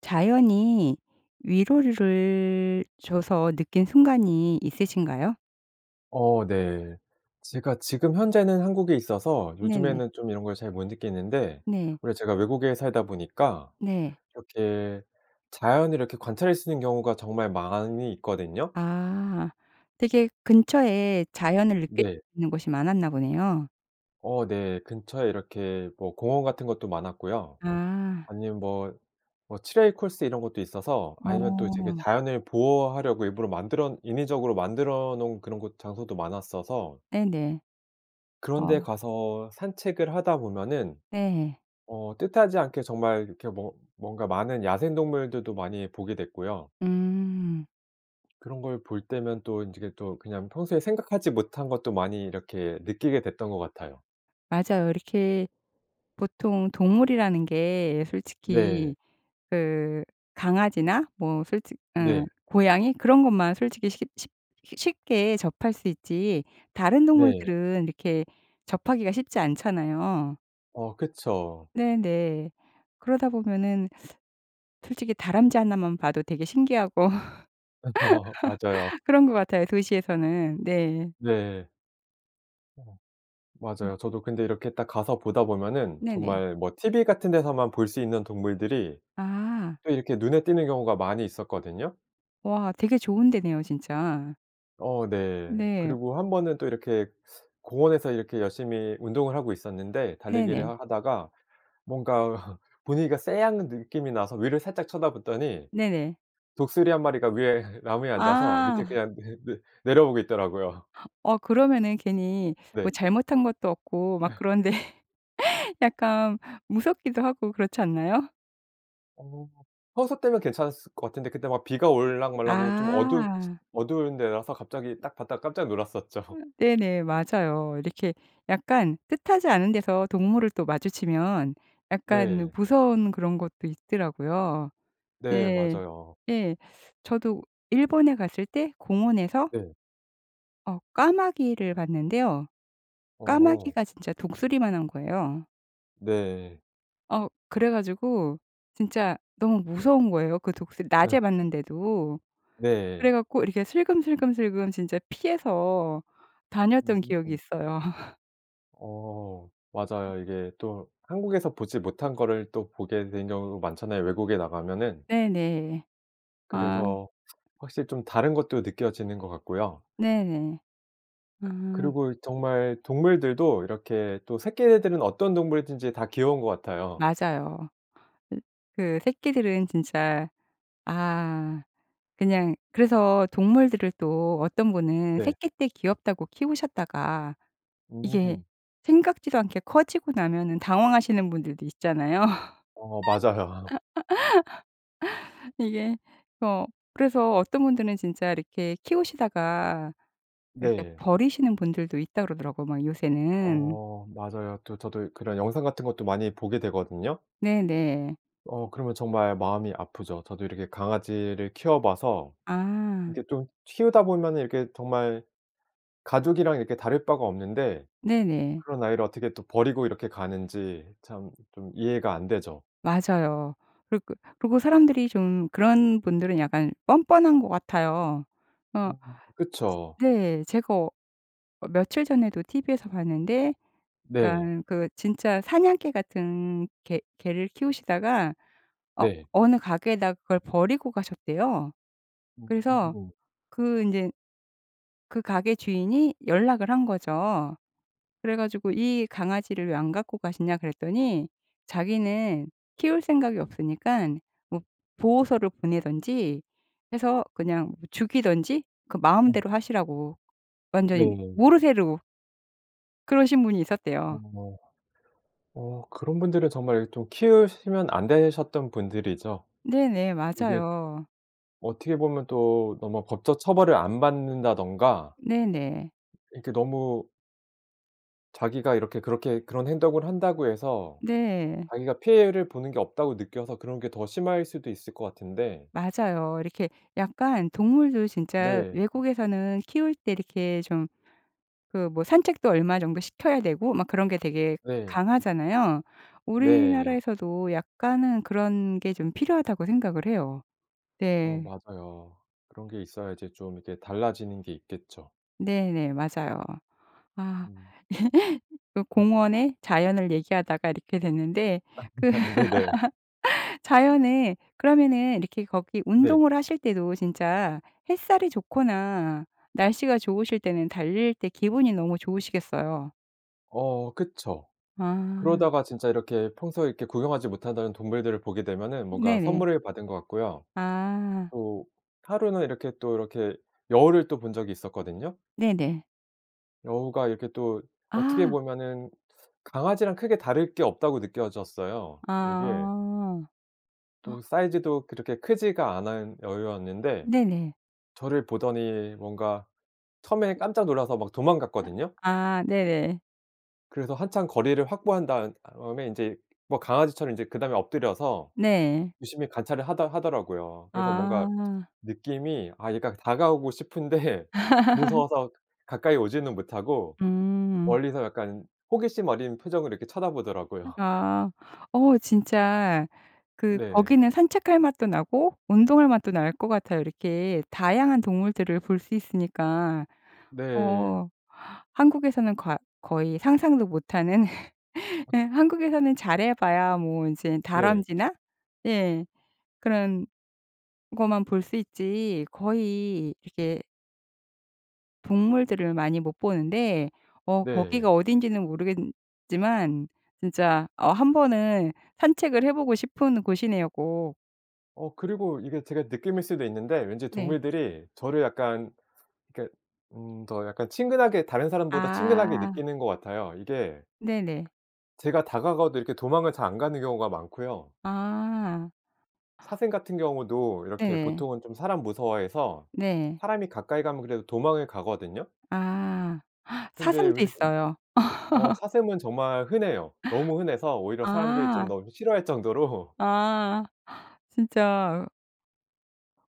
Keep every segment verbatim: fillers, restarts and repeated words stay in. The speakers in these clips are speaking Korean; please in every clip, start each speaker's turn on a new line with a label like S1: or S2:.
S1: 자연이 위로를 줘서 느낀 순간이 있으신가요?
S2: 어 네. 제가 지금 현재는 한국에 있어서
S1: 네네.
S2: 요즘에는 좀 이런 걸 잘 못 느끼는데
S1: 네.
S2: 오히려 제가 외국에 살다 보니까
S1: 네.
S2: 이렇게 자연을 이렇게 관찰할 수 있는 경우가 정말 많이 있거든요.
S1: 아. 되게 근처에 자연을 느낄
S2: 네.
S1: 수 있는 곳이 많았나 보네요.
S2: 어 네. 근처에 이렇게 뭐 공원 같은 것도 많았고요.
S1: 아.
S2: 아니면 뭐, 뭐 트레일 코스 이런 것도 있어서 아니면 또 되게
S1: 어.
S2: 자연을 보호하려고 일부러 만들언 인위적으로 만들어 놓은 곳 그런 장소도 많았어서
S1: 네네.
S2: 그런 데
S1: 어.
S2: 가서 산책을 하다 보면은
S1: 네.
S2: 어 뜻하지 않게 정말 이렇게 뭔 뭔가 많은 야생동물들도 많이 보게 됐고요.
S1: 음.
S2: 그런 걸 볼 때면 또 인제 그 또 그냥 평소에 생각하지 못한 것도 많이 이렇게 느끼게 됐던 것 같아요.
S1: 맞아요. 이렇게 보통 동물이라는 게
S2: 네.
S1: 솔직히 그 강아지나 뭐 솔직 응
S2: 네.
S1: 고양이 그런 것만 솔직히 쉽 쉽 쉬 쉽게 접할 수 있지 다른
S2: 네.
S1: 동물들은 이렇게 접하기가 쉽지 않잖아요.
S2: 어 그쵸.
S1: 네네. 그러다 보면은 솔직히 다람쥐 하나만 봐도 되게 신기하고
S2: 맞아요.
S1: 그런 것 같아요 도시에서는. 네.
S2: 네. 어
S1: 음.
S2: 맞아요. 저도 근데 이렇게 딱 가서 보다 보면은
S1: 네네.
S2: 정말 뭐 티브이 같은 데서만 볼 수 있는 동물들이
S1: 아.
S2: 또 이렇게 눈에 띄는 경우가 많이 있었거든요.
S1: 와 되게 좋은 데네요 진짜.
S2: 어 네.
S1: 네.
S2: 그리고 한 번은 또 이렇게 공원에서 이렇게 열심히 운동을 하고 있었는데 달리기를
S1: 네네.
S2: 하다가 뭔가 분위기가 쎄한 느낌이 나서 위를 살짝 쳐다봤더니
S1: 네네.
S2: 독수리 한 마리가 위에 나무에 앉아서 밑에
S1: 아.
S2: 그냥 내 내 내려보고 있더라고요.
S1: 어 그러면은 괜히
S2: 네.
S1: 뭐 잘못한 것도 없고 막 그런데 약간 무섭기도 하고 그렇지 않나요?
S2: 어 평소 때면 괜찮았었을 것 같은데 그때 막 비가 올락 말락하고 좀 어둡
S1: 아.
S2: 어두운 데라서 갑자기 딱 봤다가 깜짝 놀랐었죠.
S1: 네네 맞아요. 이렇게 약간 뜻하지 않은 데서 동물을 또 마주치면 약간
S2: 네.
S1: 무서운 그런 것도 있더라고요.
S2: 네
S1: 네.
S2: 맞아요.
S1: 예. 저도 일본에 갔을 때 공원에서
S2: 네.
S1: 어 까마귀를 봤는데요.
S2: 어.
S1: 까마귀가 진짜 독수리만 한 거예요.
S2: 네.
S1: 어 그래 가지고 진짜 너무 무서운 거예요 그 독수리
S2: 어.
S1: 낮에 봤는데도. 그래
S2: 네.
S1: 갖고 이렇게 슬금슬금슬금 진짜 피해서 다녔던 기억이
S2: 무섭죠.
S1: 있어요.
S2: 어
S1: 음.
S2: 맞아요. 이게 또 한국에서 보지 못한 거를 또 보게 된 경우도 많잖아요 외국에 나가면은.
S1: 네네. 아.
S2: 그래서 확실히 좀 다른 것도 느껴지는 것 같고요.
S1: 네네. 아.
S2: 그리고 정말 동물들도 이렇게 또 새끼 애들은 어떤 동물이든지 다 귀여운 것 같아요.
S1: 맞아요. 으 그 새끼들은 진짜 아 그냥 그래서 동물들을 또 어떤 분은
S2: 네.
S1: 새끼 때 귀엽다고 키우셨다가 이게
S2: 음.
S1: 생각지도 않게 커지고 나면은 당황하시는 분들도 있잖아요.
S2: 어 맞아요.
S1: 이게 어 그래서 어떤 분들은 진짜 이렇게 키우시다가 이렇게
S2: 네.
S1: 버리시는 분들도 있다고 그러더라고 막 요새는.
S2: 어 맞아요. 또 저도 그런 영상 같은 것도 많이 보게 되거든요.
S1: 네네.
S2: 어 그러면 정말 마음이 아프죠. 저도 이렇게 강아지를 키워 봐서
S1: 아.
S2: 이게 좀 키우다 보면은 이렇게 정말 가족이랑 이렇게 다를 바가 없는데
S1: 네네.
S2: 그런 아이를 어떻게 또 버리고 이렇게 가는지 참 좀 이해가 안 되죠.
S1: 맞아요. 그리고 그리고 사람들이 좀 그런 분들은 약간 뻔뻔한 것 같아요. 어
S2: 음 그쵸.
S1: 네. 제가 어 며칠 전에도 티브이에서 봤는데
S2: 네.
S1: 그러니깐 그 진짜 사냥개 같은 개 개를 키우시다가 어
S2: 네.
S1: 어느 가게에다가 그걸 버리고 가셨대요. 그래서
S2: 음.
S1: 그 인제 그 가게 주인이 연락을 한 거죠. 그래 가지고 이 강아지를 왜 안 갖고 가시냐 그랬더니 자기는 키울 생각이 없으니깐 뭐 보호소로 보내든지 해서 그냥 죽이든지 그
S2: 어.
S1: 마음대로 하시라고 완전히
S2: 네.
S1: 모르쇠로 그러신 분이 있었대요.
S2: 어. 어 그런 분들은 정말 좀 키우시면 안 되셨던 분들이죠.
S1: 네네
S2: 이게
S1: 맞아요.
S2: 어떻게 보면 또 너무 법적 처벌을 안 받는다든가
S1: 네네.
S2: 이렇게 너무 자기가 이렇게 그렇게 그런 행동을 한다고 해서
S1: 네.
S2: 자기가 피해를 보는 게 없다고 느껴서 그런 게 더 심할 수도 있을 것 같은데
S1: 맞아요. 이렇게 약간 동물도 진짜
S2: 네.
S1: 외국에서는 키울 때 이렇게 좀 그 뭐 산책도 얼마 정도 시켜야 되고 막 그런 게 되게
S2: 네.
S1: 강하잖아요.
S2: 네.
S1: 우리나라에서도 약간은 그런 게 좀 필요하다고 생각을 해요.
S2: 어
S1: 네.
S2: 맞아요. 그런 게 있어야 이제 좀 이렇게 달라지는 게 있겠죠.
S1: 네네 맞아요. 아.
S2: 음.
S1: 그
S2: 음.
S1: 공원에 자연을 얘기하다가 이렇게 됐는데 그
S2: 네네.
S1: 자연에 그러면은 이렇게 거기
S2: 네.
S1: 운동을 하실 때도 진짜 햇살이 좋거나 날씨가 좋으실 때는 달릴 때 기분이 너무 좋으시겠어요.
S2: 어 그쵸.
S1: 아.
S2: 그러다가 진짜 이렇게 평소에 이렇게 구경하지 못한다는 동물들을 보게 되면은 뭔가
S1: 네네.
S2: 선물을 받은 것 같고요.
S1: 아.
S2: 또 하루는 이렇게 또 이렇게 여우를 또 본 적이 있었거든요.
S1: 네네.
S2: 여우가 이렇게 또 어떻게
S1: 아.
S2: 보면은 강아지랑 크게 다를 게 없다고 느껴졌어요. 이게
S1: 아.
S2: 또 사이즈도 그렇게 크지가 않은 여우였는데
S1: 네네.
S2: 저를 보더니 뭔가 처음에는 깜짝 놀라서 막
S1: 아
S2: 도망갔거든요.
S1: 아 네네.
S2: 그래서 한참 거리를 확보한 다은 다음에 인제 뭐 강아지처럼 인제 그다음에 엎드려서
S1: 네.
S2: 유심히 관찰을 하다 하더라고요. 그래서 뭔가
S1: 아.
S2: 느낌이 아 얘가 다가오고 싶은데 무서워서 가까이 오지는 못하고
S1: 음.
S2: 멀리서 약간 호기심 어린 표정으로 이렇게 쳐다 보더라고요.
S1: 어아. 어 진짜 그
S2: 네.
S1: 거기는 산책할 맛도 나고 운동할 맛도 날 것 같아요 이렇게 다양한 동물들을 볼 수 있으니까.
S2: 네.
S1: 어 한국에서는 과 거의 상상도 못 하는.
S2: 어.
S1: 예. 한국에서는 잘 해 봐야 뭐 인제
S2: 네.
S1: 다람쥐나 예 그런 거만 볼 수 있지 거의 이렇게 동물들을 많이 못 보는데 어
S2: 네.
S1: 거기가 어딘지는 모르겠지만 진짜 어 한 번은 산책을 해 보고 싶은 곳이네요 꼭.
S2: 어 그리고 이게 제가 느낌일 수도 있는데 왠지
S1: 네.
S2: 동물들이 저를 약간 그러니깐 음 더 약간 친근하게 다른 사람보다 친근하게
S1: 아.
S2: 느끼는 것 같아요. 이게
S1: 네네.
S2: ...제가 다가가도 이렇게 도망을 잘 안 가는 경우가 많고요.
S1: 아.
S2: 사슴 같은 경우도 이렇게
S1: 네네.
S2: 보통은 좀 사람 무서워해서
S1: 네.
S2: 사람이 가까이 가면 그래도 도망을 가거든요.
S1: 아
S2: 근데
S1: 사슴도
S2: 오히려
S1: 있어요.
S2: 어 사슴은 정말 흔해요. 너무 흔해서 오히려 사람들이 좀
S1: 아.
S2: 너무 싫어할 정도로
S1: 아 진짜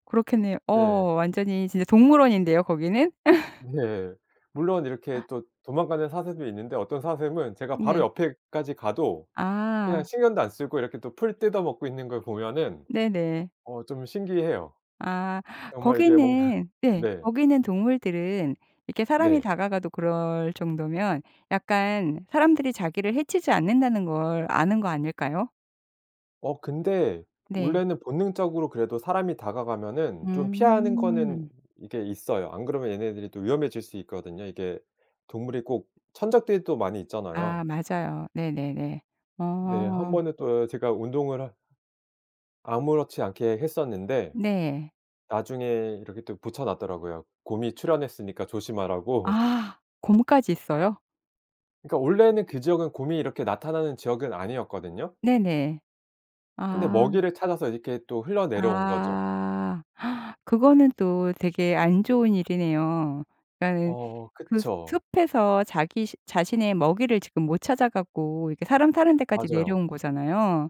S1: 그렇겠네 어
S2: 네.
S1: 완전히 진짜 동물원인데요 거기는.
S2: 네. 물론 이렇게 또 도망가는 사슴도 있는데 어떤 사슴은 제가 바로
S1: 네.
S2: 옆에까지 가도 그냥
S1: 아.
S2: 신경도 안 쓰고 이렇게 또 풀 뜯어 먹고 있는 걸 보면은
S1: 네네.
S2: 어 좀 신기해요.
S1: 아
S2: 정말 이게 뭔가
S1: 거기는 네
S2: 네.
S1: 거기는 동물들은 이렇게 사람이
S2: 네.
S1: 다가가도 그럴 정도면 약간 사람들이 자기를 해치지 않는다는 걸 아는 거 아닐까요?
S2: 어 근데
S1: 네.
S2: 원래는 본능적으로 그래도 사람이 다가가면은 좀 피하는 거는
S1: 음.
S2: 이게 있어요. 안 그러면 얘네들이 또 위험해질 수 있거든요. 이게 동물이 꼭 천적들이 또 많이 있잖아요.
S1: 아 맞아요. 네네네.
S2: 네.
S1: 어.
S2: 한번은 또 제가 운동을 하 아무렇지 않게 했었는데
S1: 네.
S2: 나중에 이렇게 또 붙여 놨더라고요. 곰이 출현했으니까 조심하라고.
S1: 아 곰까지 있어요?
S2: 그러니까 원래는 그 지역은 곰이 이렇게 나타나는 지역은 아니었거든요.
S1: 네네.
S2: 근데
S1: 아.
S2: 먹이를 찾아서 이렇게 또 흘러 내려온 거죠.
S1: 아. 그거는 또 되게 안 좋은 일이네요. 그러니까는
S2: 어
S1: 그 스
S2: 그쵸.
S1: 숲에서 자기 시 자신의 먹이를 지금 못 찾아 갖고 이렇게 사람 사는 데까지
S2: 맞아요.
S1: 내려온 거잖아요.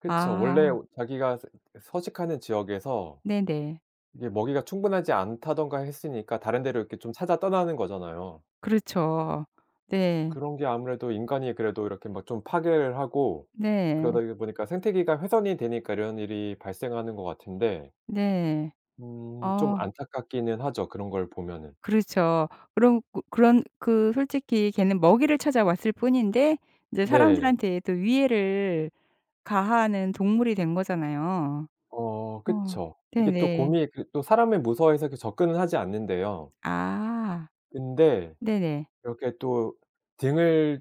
S2: 그쵸.
S1: 아.
S2: 원래 오 자기가 스 예 서식하는 지역에서
S1: 네네.
S2: 이게 먹이가 충분하지 않다든가 했으니까 다른 데로 이렇게 좀 찾아 떠나는 거잖아요.
S1: 그렇죠. 네.
S2: 그런 게 아무래도 인간이 그래도 이렇게 뭐 좀 파괴를 하고
S1: 네.
S2: 그러다이 보니까 생태계가 훼손이 되니까 이런 일이 발생하는 것 같은데
S1: 네.
S2: 음 좀
S1: 어.
S2: 안타깝기는 하죠 그런 걸 보면은.
S1: 그렇죠. 그런 고 그런 그 솔직히 걔는 먹이를 찾아왔을 뿐인데 이제
S2: 네.
S1: 사람들한테도 위해를 가하는 동물이 된 거잖아요.
S2: 어
S1: 어
S2: 그쵸. 이게 또
S1: 네네.
S2: 곰이 그 또 사람을 무서워해서 그렇게 접근은 하지 않는데요.
S1: 아.
S2: 근데
S1: 네네.
S2: 이렇게 또 등을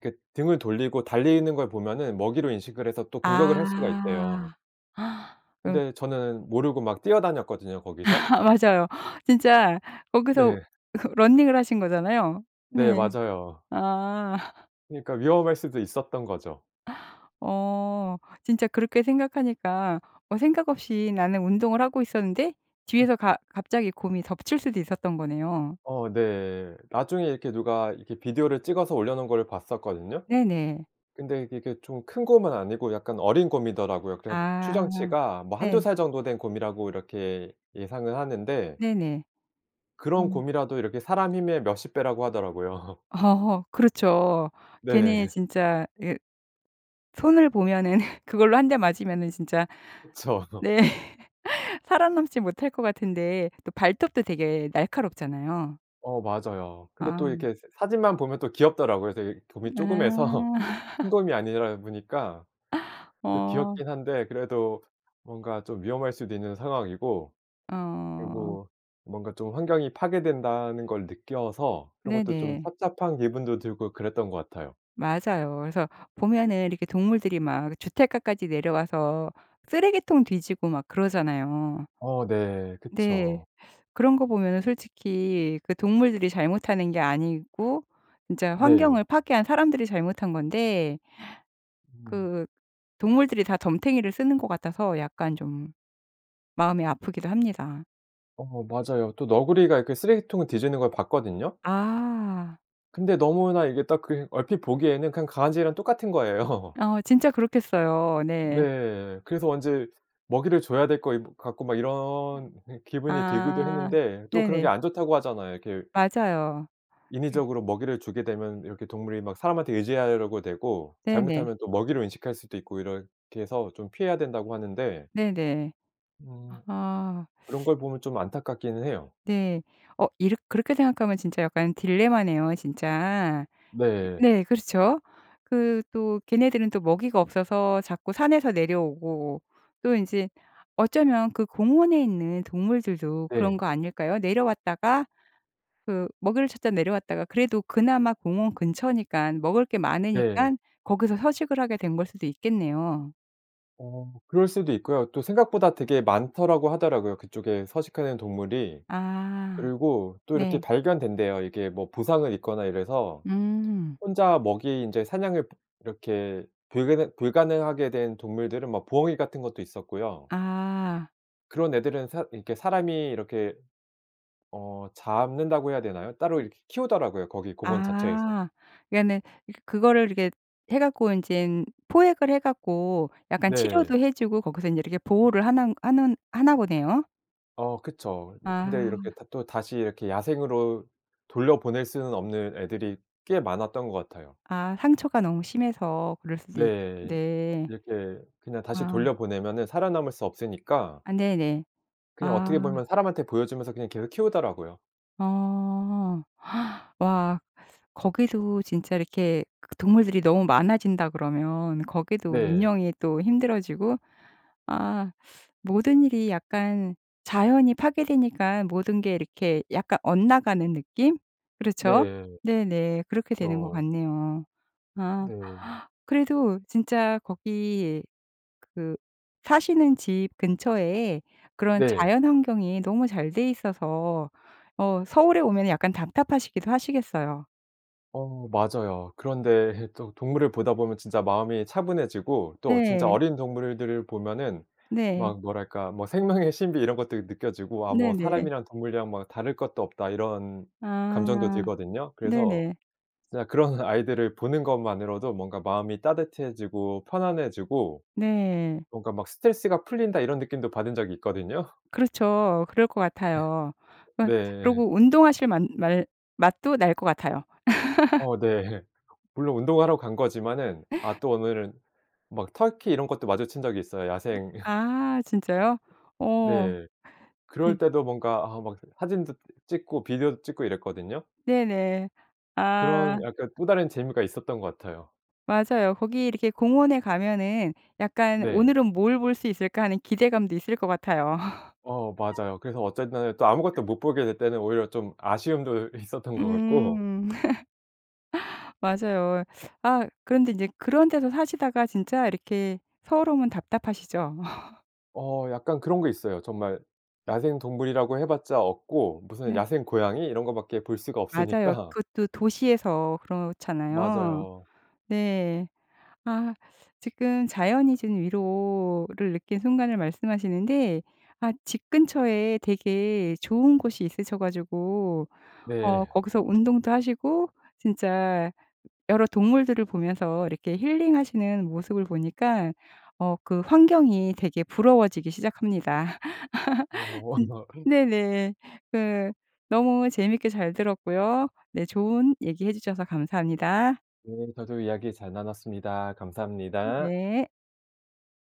S2: 그 등을 돌리고 달리는 걸 보면은 먹이로 인식을 해서 또 공격을 할 수가 있대요.
S1: 아. 응
S2: 근데 저는 모르고 막 뛰어다녔거든요 거기서.
S1: 맞아요. 진짜 거기서
S2: 네.
S1: 그 러닝을 하신 거잖아요.
S2: 네.
S1: 네.
S2: 맞아요.
S1: 아.
S2: 그러니까 위험할 수도 있었던 거죠.
S1: 어. 진짜 그렇게 생각하니까 어 생각 없이 나는 운동을 하고 있었는데
S2: 예.
S1: 뒤에서 가 갑자기 곰이 덮칠 수도 있었던 거네요.
S2: 어 네. 나중에 이렇게 누가 이렇게 비디오를 찍어서 올려 놓은 거를 봤었거든요.
S1: 네네.
S2: 근데 이게 이렇게 좀 큰 곰은 아니고 약간 어린 곰이더라고요. 그렇긴 한데
S1: 아
S2: 추정치가 뭐 한두
S1: 네.
S2: 살 정도 된 곰이라고 이렇게 예상은 하는데
S1: 네네.
S2: 그런
S1: 음.
S2: 곰이라도 이렇게 사람 힘의 몇십 배라고 하더라고요.
S1: 어허 어 그렇죠. 걔네
S2: 네.
S1: 진짜 예 손을 보면은 그걸로 한 대 맞으면은 진짜
S2: 그쵸.
S1: 네 살아남지 못할 것 같은데 또 발톱도 되게 날카롭잖아요.
S2: 어 맞아요. 근데 또
S1: 아.
S2: 이렇게 새 사진만 보면 또 귀엽더라고요. 그래서 이 곰이
S1: 아.
S2: 쪼그매서. 큰 곰이 아니라 보니까 그
S1: 어.
S2: 귀엽긴 한데 그래도 뭔가 좀 위험할 수도 있는 상황이고
S1: 어.
S2: 그리고 뭔가 좀 환경이 파괴된다는 걸 느껴서 그런 것도 좀
S1: 네네.
S2: 착잡한 기분도 들고 그랬던 것 같아요.
S1: 맞아요. 그래서 보면은 이렇게 동물들이 막 주택가까지 내려와서 쓰레기통 뒤지고 막 그러잖아요.
S2: 어 네.
S1: 네.
S2: 그쵸.
S1: 그런 거 보면은 솔직히 그 동물들이 잘못하는 게 아니고 진짜
S2: 네.
S1: 환경을 파괴한 사람들이 잘못한 건데
S2: 음.
S1: 그 동물들이 다 덤터기를 쓰는 것 같아서 약간 좀 마음이 아프기도 합니다.
S2: 어 맞아요. 또 너구리가 이렇게 쓰레기통을 뒤지는 걸 봤거든요.
S1: 아.
S2: 근데 너무나 이게 딱 그 얼핏 보기에는 그냥 강아지랑 똑같은 거예요.
S1: 어 진짜 그렇겠어요. 네.
S2: 네. 그래서 왠지 먹이를 줘야 될 것 이 같고 막 이런 네 기분이 들기도
S1: 아.
S2: 했는데 또 그런 게
S1: 네네.
S2: 안 좋다고 하잖아요. 이렇게
S1: 맞아요. 네.
S2: 인위적으로 먹이를 주게 되면 이렇게 동물이 막 사람한테 의지하려고 되고
S1: 네네.
S2: 잘못하면 또 먹이를 인식할 수도 있고 이렇게 해서 좀 피해야 된다고 하는데
S1: 네네.
S2: 음
S1: 아하.
S2: 그런 걸 보면 좀 안타깝기는 해요.
S1: 네. 어 이렇 그렇게 생각하면 진짜 약간 딜레마네요 진짜. 예
S2: 네.
S1: 네 그렇죠. 그 또 걔네들은 또 먹이가 없어서 자꾸 산에서 내려오고 또 인제 어쩌면 그 공원에 있는 동물들도 그런
S2: 네.
S1: 거 아닐까요? 내려왔다가 그 먹이를 찾다 내려왔다가 그래도 그나마 공원 근처니깐 먹을 게
S2: 네.
S1: 많으니깐 거기서 서식을 하게 된 걸 수도 있겠네요.
S2: 어 그럴 수도 있고요.또 생각보다 되게 많더라고 하더라고요 그쪽에 서식하는 동물이.
S1: 아.
S2: 그리고 또 이렇게
S1: 네.
S2: 발견된대요 이게 뭐 부상을 입거나 이래서
S1: 음.
S2: 혼자 먹이 인제 사냥을 이렇게 불가능 불가능하게 된 동물들은 뭐 부엉이 같은 것도 있었고요
S1: 아.
S2: 그런 애들은 사 이렇게 사람이 이렇게 어 잡는다고 해야 되나요? 따로
S1: 음.
S2: 이렇게 키우더라고요 거기 공원 자체에서.
S1: 아. 그러니까는 이 그거를 이렇게 해 갖고 인젠 포획을 해 갖고 약간
S2: 네.
S1: 치료도 해 주고 거기서 인제 이렇게 보호를 하는 하는 하나 보네요.
S2: 어 그쵸. 음 근데
S1: 아.
S2: 이렇게 다 또 다시 이렇게 야생으로 돌려보낼 수는 없는 애들이 꽤 많았던 것 같아요.
S1: 아. 상처가 너무 심해서 그럴 수도 있
S2: 네.
S1: 네.
S2: 이렇게 그냥 다시
S1: 아.
S2: 돌려 보내면 살아남을 수 없으니까
S1: 아 네네.
S2: 그냥
S1: 아.
S2: 어떻게 보면 사람한테 보여 주면서 그냥 걔를 키우더라고요.
S1: 어. 와. 거기도 진짜 이렇게 동물들이 너무 많아진다 그러면 거기도
S2: 네.
S1: 운영이 또 힘들어지고 아 모든 일이 약간 자연이 파괴되니깐 모든 게 이렇게 약간 엇나가는 느낌? 그렇죠?
S2: 네.
S1: 네 네. 그렇게 되는 것
S2: 그쵸.
S1: 같네요. 아.
S2: 네.
S1: 그래도 진짜 거기 그 사시는 집 근처에 그런
S2: 네.
S1: 자연환경이 너무 잘 돼 있어서 어 서울에 오면 약간 답답하시기도 하시겠어요.
S2: 어 맞아요. 그런데 또 동물을 보다 보면 진짜 마음이 차분해지고 또 진짜
S1: 네.
S2: 어린 동물들을 보면은
S1: 네.
S2: 막 뭐랄까 뭐 생명의 신비 이런 것들이 느껴지고 아 뭐
S1: 네네.
S2: '사람이랑 동물이랑 막 다를 것도 없다.' 이런 감정도
S1: 아
S2: 들거든요. 그래서
S1: 네네.
S2: 그냥 그런 아이들을 보는 것 만으로도 뭔가 마음이 따뜻해지고 편안해지고
S1: 네.
S2: 뭔가 막 '스트레스가 풀린다.' 이런 느낌도 받은 적이 있거든요.
S1: 그렇죠. 그럴 것 같아요. 그러
S2: 네.
S1: 그러고 운동하실 만 말 맛도 날 것 같아요.
S2: 어 네. 물론 운동하러 간 거지만은 아 또 오늘은 막 터키 이런 것도 마주친 적이 있어요. 야생
S1: 아 진짜요? 어.
S2: 네. 그럴
S1: 진
S2: 때도 뭔가 아 막 사진도 읏 찍고 비디오도 찍고 이랬거든요.
S1: 네네. 아.
S2: 그런 약간 또 다른 재미가 있었던 것 같아요.
S1: 맞아요. 거기 이렇게 공원에 가면은 약간
S2: 네.
S1: '오늘은 뭘 볼 수 있을까?' 하는 기대감도 있을 것 같아요.
S2: 어 맞아요. 그래서 어쨌든 또 아무것도 못 보게 될 때는 오히려 좀 아쉬움도 있었던 것 같고
S1: 음. 맞아요. 아 그런데 인제 그런 데서 사시다가 진짜 이렇게 서울 오면 답답하시죠?
S2: 어 약간 그런 거 있어요. 정말 야생동물이라고 해 봤자 없고 무슨
S1: 네.
S2: 야생 고양이 이런 거 밖에 볼 수가
S1: 맞아요.
S2: 없으니까
S1: 그것도 도시에서 그렇잖아요.
S2: 맞아요.
S1: 네. 아 지금 자연이 지금 위로를 느낀 순간을 말씀하시는데 아 집 근처에 되게 좋은 곳이 있으셔 가지고 어
S2: 네.
S1: 거기서 운동도 하시고 진짜 여러 동물들을 보면서 이렇게 힐링하시는 모습을 보니까 어 그 환경이 되게 부러워지기 시작합니다.
S2: 어.
S1: 진
S2: [unintelligible]
S1: 네네네. 그 너무 재밌게 잘 들었고요 네 좋은 얘기해 주셔서 감사합니다.
S2: 네 저도 이야기 잘 나눴습니다. 감사합니다.
S1: 네.